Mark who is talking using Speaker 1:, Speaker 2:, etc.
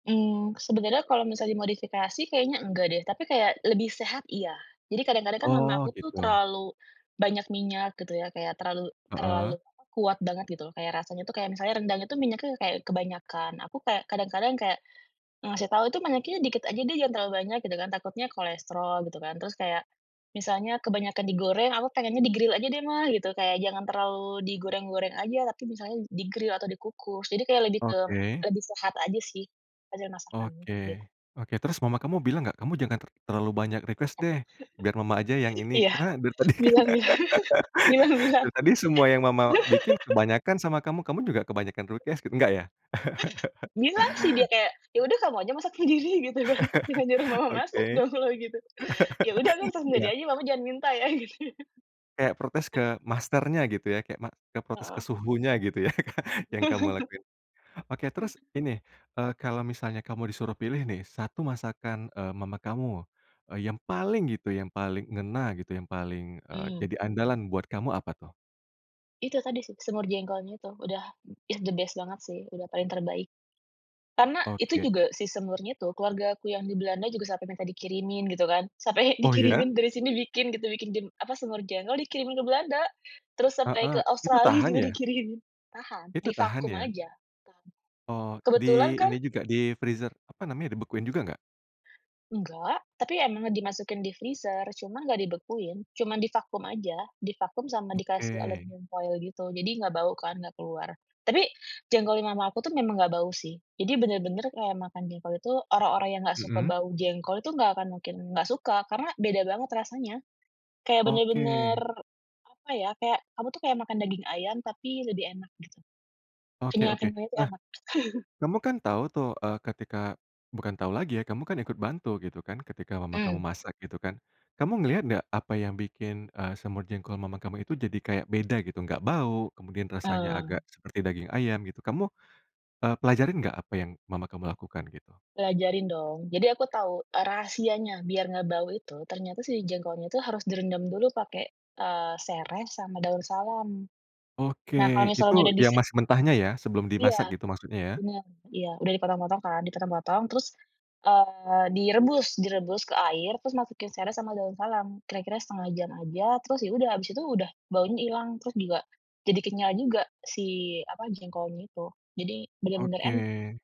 Speaker 1: Mhm, sebenarnya kalau misal dimodifikasi kayaknya enggak deh, tapi kayak lebih sehat, iya. Jadi kadang-kadang kan mama
Speaker 2: Oh,
Speaker 1: aku tuh
Speaker 2: gitu.
Speaker 1: terlalu banyak minyak gitu ya, kayak terlalu
Speaker 2: Heeh.
Speaker 1: terlalu, apa, kuat banget gitu loh. Kayak rasanya itu kayak misalnya rendang itu minyaknya kayak kebanyakan, aku kayak kadang-kadang kayak ngasih tahu, "itu minyaknya dikit aja deh, jangan terlalu banyak" gitu kan, takutnya kolesterol gitu kan. Terus kayak, misalnya kebanyakan digoreng aku pengennya "di-gril aja deh ma" gitu. Kayak jangan terlalu digoreng-goreng aja tapi misalnya di-grill atau dikukus. Jadi kayak lebih ke
Speaker 2: Oke.
Speaker 1: lebih sehat aja sih, hasil masakannya,
Speaker 2: Oke,
Speaker 1: gitu.
Speaker 2: oke. Terus mama kamu bilang nggak kamu jangan ter terlalu banyak request deh, biar mama aja yang ini.
Speaker 1: Iya.
Speaker 2: Karena dari tadi kan,
Speaker 1: Bilang bilang. Bilang bilang.
Speaker 2: dari tadi semua yang mama bikin kebanyakan sama kamu, kamu juga kebanyakan protes. Nggak ya?
Speaker 1: Bilang sih dia kayak, "ya udah kamu aja masak aja sendiri" gitu kan. "Jangan nyuruh mama masak
Speaker 2: Oke.
Speaker 1: dong kalo gitu", "Ya udah ntar ta
Speaker 2: Iya.
Speaker 1: dedek aja tapi mama jangan minta ya" gitu.
Speaker 2: Kayak protes ke masternya, gitu ya. Kayak ma ke protes ke
Speaker 1: Heeh.
Speaker 2: suhunya gitu ya, yang kamu lakuin. Oke, terus ini, eee, kalau misalnya kamu disuruh pilih nih, 1 masakan, eee, mama kamu, eee, yang paling gitu, yang paling ngena gitu, yang paling, eee,
Speaker 1: Mhm.
Speaker 2: jadi andalan buat kamu apa tuh?
Speaker 1: Itu tadi sih, semur jengkolnya itu. Udah ya the best banget sih. Udah paling terbaik. Karena itu
Speaker 2: Oke.
Speaker 1: juga si semurnya itu keluargaku yang di Belanda juga sampai minta dikirimin, gitu kan. Sampai
Speaker 2: Oh ya?
Speaker 1: dikirimin dari sini bikin gitu, bikin jim apa, semur jengkol dikirimin ke Belanda. Terus sampai
Speaker 2: Heeh.
Speaker 1: ke
Speaker 2: Itu
Speaker 1: Australi
Speaker 2: tahan
Speaker 1: gitu
Speaker 2: ya?
Speaker 1: dikirim. Tahan.
Speaker 2: Itu
Speaker 1: Di
Speaker 2: tahan
Speaker 1: vakum
Speaker 2: ya?
Speaker 1: aja. Tahan.
Speaker 2: Oh, di
Speaker 1: Kebetulan kan
Speaker 2: ini juga, di freezer, apa namanya, dibekuin juga nggak?
Speaker 1: Enggak. Tapi emang dimasukin di freezer, cuma nggak dibekuin. Cuman di vakum aja, di vakum sama dikasih
Speaker 2: Oke.
Speaker 1: aluminium foil gitu. Jadi nggak bau kan, nggak keluar. Tapi, jengkol yang mama aku tuh memang nggak bau sih. Jadi benar-benar kayak makan jengkol itu, orang-orang yang nggak suka
Speaker 2: Hmm.
Speaker 1: bau jengkol itu, nggak akan mungkin nggak suka, karena beda banget rasanya. Kayak benar-benar,
Speaker 2: Oke.
Speaker 1: apa ya, kayak kamu tuh kayak makan daging ayam tapi lebih enak gitu.
Speaker 2: Oke oke.
Speaker 1: Kenyal-kenyalnya itu
Speaker 2: Nah,
Speaker 1: enak.
Speaker 2: kamu kan tahu tuh, eee, ketika bukan tahu lagi ya, kamu kan ikut bantu gitu kan, ketika mama kamu
Speaker 1: Mhm.
Speaker 2: masak, gitu kan. Kamu ngelihat ndak, apa yang bikin, eee, semur jengkol mama kamu itu jadi kayak beda gitu, nggak bau, kemudian rasanya agak
Speaker 1: Hmm.
Speaker 2: seperti daging ayam, gitu. Kamu, e pelajarin nggak, apa yang mama kamu lakukan gitu?
Speaker 1: Pelajarin dong. Jadi aku tau rahasianya, biar nggak bau itu, ternyata si jengkolnya itu harus direndam dulu pakai, eee, sereh sama daun salam.
Speaker 2: Oke.
Speaker 1: Nah kalau
Speaker 2: Itu
Speaker 1: misalnya udah di
Speaker 2: yang
Speaker 1: si
Speaker 2: masih mentahnya ya, sebelum
Speaker 1: Iya.
Speaker 2: dimasak gitu maksudnya ya?
Speaker 1: Benar. Iya. Udah dipotong-potong kan, dipotong-potong terus, eee, direbus, direbus ke air, terus masukin sereh sama daun salam. Kira-kira 1/2 jam aja, terus ya udah, habis itu udah baunya ilang, terus juga, jadi kenyal juga, si apa, jengkolnya itu. Jadi, benar-benar en
Speaker 2: Oke.